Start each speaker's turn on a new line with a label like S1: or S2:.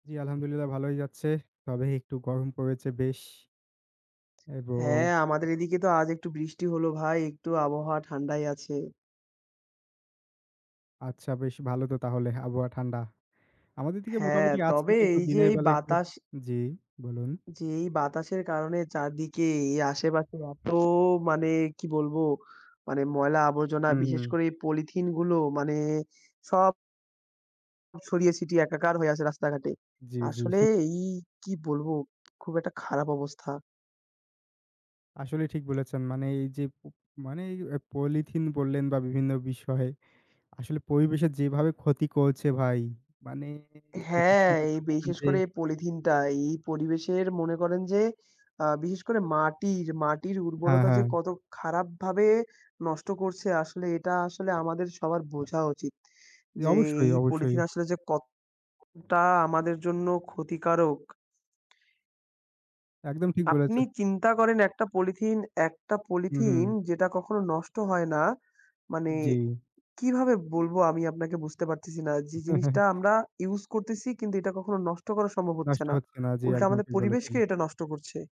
S1: জি, আলহামদুলিল্লাহ ভালোই যাচ্ছে। তবে একটু গরম পড়েছে বেশ এবং
S2: হ্যাঁ, আমাদের এদিকে তো আজ একটু বৃষ্টি হলো ভাই। একটু আবহাওয়া ঠান্ডাই আছে।
S1: আচ্ছা, বেশ ভালো তো তাহলে, আবহাওয়া ঠান্ডা। আমাদের দিকে
S2: হ্যাঁ,
S1: মোটামুটি আছে
S2: তবে
S1: কিন্তু
S2: এই যে
S1: দিনের
S2: এই
S1: বেলা একটু
S2: বাতাস
S1: জি বলুন।
S2: যে এই বাতাসের কারণে চারদিকে এই আশেপাশে এত মানে কি বলবো? মানে ময়লা আবর্জনা,
S1: উ
S2: বিশেষ
S1: হু।
S2: করে এই পলিথিনগুলো মানে সব ছড়িয়ে ছিটিয়ে একাকার হয়ে আছে রাস্তাঘাটে।
S1: জি, জি।
S2: আসলে এই কি বলবো? খুব একটা খারাপ অবস্থা।
S1: আসলেই ঠিক বলেছেন। মানে এই যে প মানে এই অ্যা পলিথিন বললেন, বা বিভিন্ন বিষয় আসলে পরিবেশের যেভাবে ক্ষতি করছে ভাই মানে এটা
S2: হ্যাঁ,
S1: চিন্তা
S2: এই
S1: করে দেখবেন
S2: বিশেষ
S1: যে
S2: করে এই পলিথিনটা এই পরিবেশের মনে করেন যে, আ বিশেষ করে মাটির, মাটির
S1: আ
S2: উর্বরতা যে
S1: হ্যাঁ।
S2: কত খারাপ ভাবে নষ্ট করছে আসলে এটা আসলে আমাদের সবার বোঝা উচিত।
S1: জি
S2: যে
S1: অবশ্যই,
S2: এই
S1: অবশ্যই।
S2: পলিথিন আসলে যে কতটা আমাদের জন্য ক্ষতিকারক।
S1: একদম ঠিক
S2: আপনি
S1: বলেছেন।
S2: চিন্তা করেন একটা পলিথিন, একটা
S1: হুম,
S2: পলিথিন
S1: হুম।
S2: যেটা কখনো নষ্ট হয় না। মানে
S1: জি।
S2: কিভাবে বলবো আমি আপনাকে বুঝতে পারতেছি না। যে জিনিসটা আমরা ইউজ করতেছি কিন্তু এটা কখনো নষ্ট করা সম্ভব হচ্ছে
S1: নষ্ট
S2: না।
S1: হচ্ছে না। জি,
S2: উল্টা
S1: একদম
S2: আমাদের
S1: ঠিক
S2: পরিবেশকে
S1: বলেছেন।
S2: এটা নষ্ট করছে।